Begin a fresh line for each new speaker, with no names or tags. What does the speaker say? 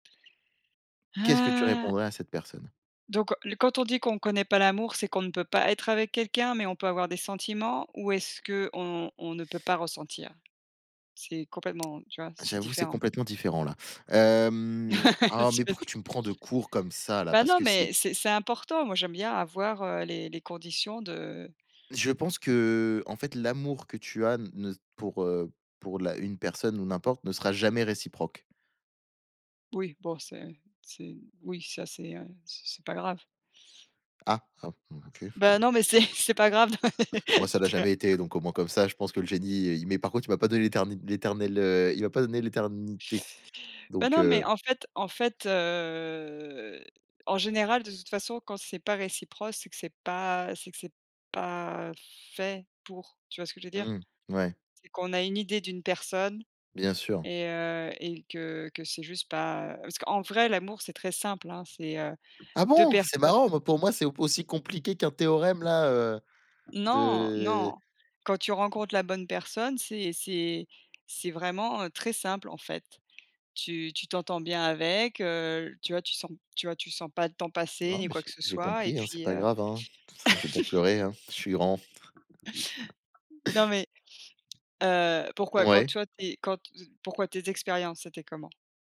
Qu'est-ce que tu
Heu
répondrais à cette personne?
Donc le quand on dit qu'on connaît pas l'amour, c'est qu'on ne peut pas être avec quelqu'un, mais on peut avoir des sentiments? Ou est-ce qu'on on ne peut pas ressentir? C'est complètement tu vois, c'est
J'avoue, c'est
différent.
complètement différent, là, hem oh,
Tu
mais pourquoi
m'éto
tu me prends de court comme ça, là?
Ben
Parce
non,
que c'est
mais c'est c'est important. Moi, j'aime bien avoir, heu, les les conditions de
Je pense que, heu, en fait, l'amour que tu as ne pour, heu pour la une personne, ou n'importe, ne sera jamais réciproque.
Oui, bon, c'est c'est oui, ça, c'est, heu c'est pas grave.
Ah hein, bon, OK.
Bah, non, mais c'est c'est pas grave.
Moi, ça l'a jamais été, donc au moins, comme ça, je pense que le génie, il est mais, par contre, il m'a pas donné l'éterni l'éternel, heu il m'a pas donné l'éternité,
Bah
donc
non, mais
heu
en fait en fait, heu, en général, de toute façon, quand c'est pas réciproque, c'est que c'est pas c'est que c'est pas fait pour, tu vois ce que je veux dire?
Mmh. Ouais.
C'est qu'on a une idée d'une personne
Bien sûr.
et heu et que que c'est juste pas, heu parce qu'en vrai, l'amour, c'est très simple, hein, c'est, heu,
Ah
2
bon? C'est
personnes.
marrant, mais, pour moi, c'est au p aussi compliqué qu'un théorème, là, heu,
Non
de
non. Quand tu rencontres la bonne personne, c'est c'est c'est vraiment, heu, très simple, en fait. Tu tu t'entends bien avec, heu, tu vois, tu sens p tu vois, tu sens pas le temps passer,
Non,
ni
mais
quoi que
j'ai
ce
j'ai
soit et
compris, hein, c'est
puis,
pas
heu
grave, hein. Enfin, je vais pas pleurer, hein, je suis grand.
Non mais, heu, pourquoi? Quand,
Ouais.
toi, tu es quand, heu pourquoi? Tes expériences, c'était comment?